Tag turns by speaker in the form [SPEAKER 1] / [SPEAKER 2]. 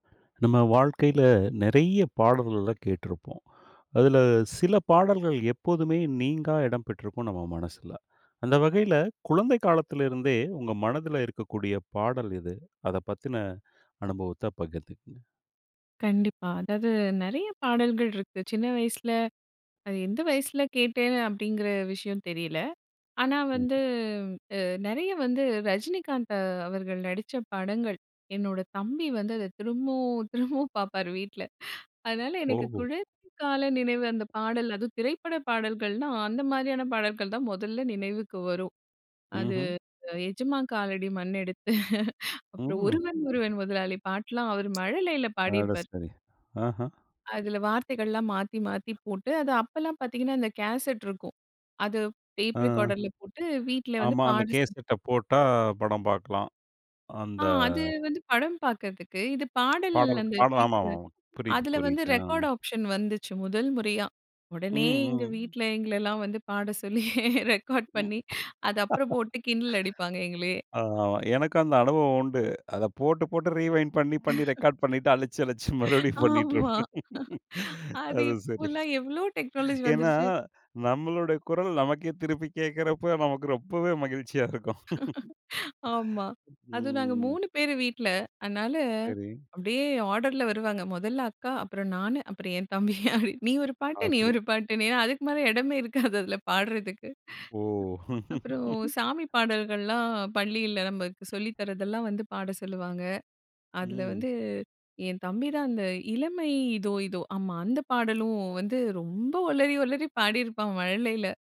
[SPEAKER 1] நம்ம வாழ்க்கையில நிறைய பாடல்கள் எல்லாம் கேட்ருப்போம். அதில சில பாடல்கள் எப்போதுமே நீங்கா இடம் பெற்றிருக்கும் நம்ம மனசுல. அந்த வகையில குழந்தை காலத்தில இருந்தே உங்க மனதில இருக்கக்கூடிய பாடல் எது? அத பத்தின அனுபவத்தை பகிர்ந்துக்குங்க.
[SPEAKER 2] கண்டிப்பா. அதாது நிறைய பாடல்கள் இருக்கு. சின்ன வயசில, அது எந்த வயசுல கேட்டேன் அப்படிங்கிற விஷயம் தெரியல. ஆனா வந்து
[SPEAKER 1] ம்.
[SPEAKER 2] அ நிறைய வந்து ரஜினிகாந்த் அவர்கள் நடிச்ச படங்கள். என்னோட தம்பி வந்து அத திரும்பவும் திரும்பவும் பார்ப்பாரு வீட்ல. அதனால எனக்கு
[SPEAKER 1] ஓஹோ!
[SPEAKER 2] குழந்தைகால நினைவு அந்த பாடல் அதுவும் திரைப்பட பாடல்கள்ன்னா, அந்த மாரியான பாடல்கள் தான் முதல்ல நினவுக்கு வரும். அது
[SPEAKER 1] ம்ஹ்ம்.
[SPEAKER 2] எஜமான் காலடி மண்ணெடுத்து அப்புறம்
[SPEAKER 1] ம்.
[SPEAKER 2] ஒருவன் ஒருவன் முதலாளி பாட்டெல்லாம் அவர் மழலையில
[SPEAKER 1] அட,
[SPEAKER 2] பாடியிருப்பார்.
[SPEAKER 1] சரி ஆஹா!
[SPEAKER 2] அதில வார்த்தைகள்லாம் மாத்தி மாத்தி போட்டு அது அப்போலாம் பார்த்தீங்கன்னா அந்த கேசெட் இருக்கும் அது
[SPEAKER 1] ஆ,
[SPEAKER 2] டேப் ரெக்கார்டர்ல போட்டு வீட்டில வந்து
[SPEAKER 1] ஆமா, அந்த
[SPEAKER 2] பாட சி
[SPEAKER 1] கேஸ்ட்ட போட்டா படம் பார்க்கலாம்,
[SPEAKER 2] ஆ
[SPEAKER 1] அந்த.
[SPEAKER 2] அது வந்து படம் பார்க்கறதுக்கு இது பாடல்
[SPEAKER 1] பாடல்,
[SPEAKER 2] அந்த
[SPEAKER 1] பாடல். ஆமா,
[SPEAKER 2] கேக்கற,
[SPEAKER 1] ஆமா. புரியது,
[SPEAKER 2] அதில வந்து
[SPEAKER 1] புரியது. ஆ.
[SPEAKER 2] ரெக்கார்ட் ஆப்ஷன் வந்துச்சு முதல் முறையா
[SPEAKER 1] ம்,
[SPEAKER 2] உடனே எங்க
[SPEAKER 1] ம்.
[SPEAKER 2] வீட்ல எங்களல்லாம் வந்து பாட சொல்லி ரெக்கார்ட்
[SPEAKER 1] ம்.
[SPEAKER 2] பண்ணி அது அப்புறம் போட்டு கிண்டல் அடிப்பாங்க எங்களையே.
[SPEAKER 1] ஆமா, ஆமா. எனக்கும் அந்த அனுபவம் உண்டு. அத போட்டு போட்டு ரீவைண்ட் பண்ணி, பண்ணி ரெக்கார்ட் பண்ணிட்டு அழிச்சி, அழிச்சி மறுபடியும் பண்ணிட்டு
[SPEAKER 2] ஆமா.
[SPEAKER 1] இருப்பேன்.
[SPEAKER 2] அது
[SPEAKER 1] அது சரி.
[SPEAKER 2] இப்பெல்லாம் எவ்வளோ டெக்னாலஜி
[SPEAKER 1] ஏன்னா
[SPEAKER 2] வந்துருச்சு.
[SPEAKER 1] நம்மளுடைய குரல் நமக்கே திருப்பி கேட்கிறப்போ நமக்கு ரொம்பவே மகிழ்ச்சியா இருக்கும்.
[SPEAKER 2] ஆமா. அதுவும் நாங்க
[SPEAKER 1] ம்.
[SPEAKER 2] 3 பேரு வீட்ல. அதனால
[SPEAKER 1] சரி.
[SPEAKER 2] அப்டியே ஆர்டர்ல வருவாங்க. முதல்ல அக்கா அப்புறம் நானு அப்புறம் என் தம்பி அப்டி நீ ஒரு பாட்டு, நீ
[SPEAKER 1] அப்டி.
[SPEAKER 2] ஒரு பாட்டுனு ஏன்னா அதுக்கு மேல இடமே இருக்காது அதில் பாடுறதுக்கு.
[SPEAKER 1] ஓ!
[SPEAKER 2] அப்புறம் சாமி பாடல்கள்லாம் பள்ளியில நமக்கு சொல்லி தரதெல்லாம் வந்து பாட சொல்லுவாங்க. அதில
[SPEAKER 1] ம்.
[SPEAKER 2] வந்து என் தம்பி தான் அந்த இளமை, இதோ இதோ ஆமா. அந்த பாடலும் வந்து ரொம்ப ஒளறி ஒளறி பாடியிருப்பான் மழலையில!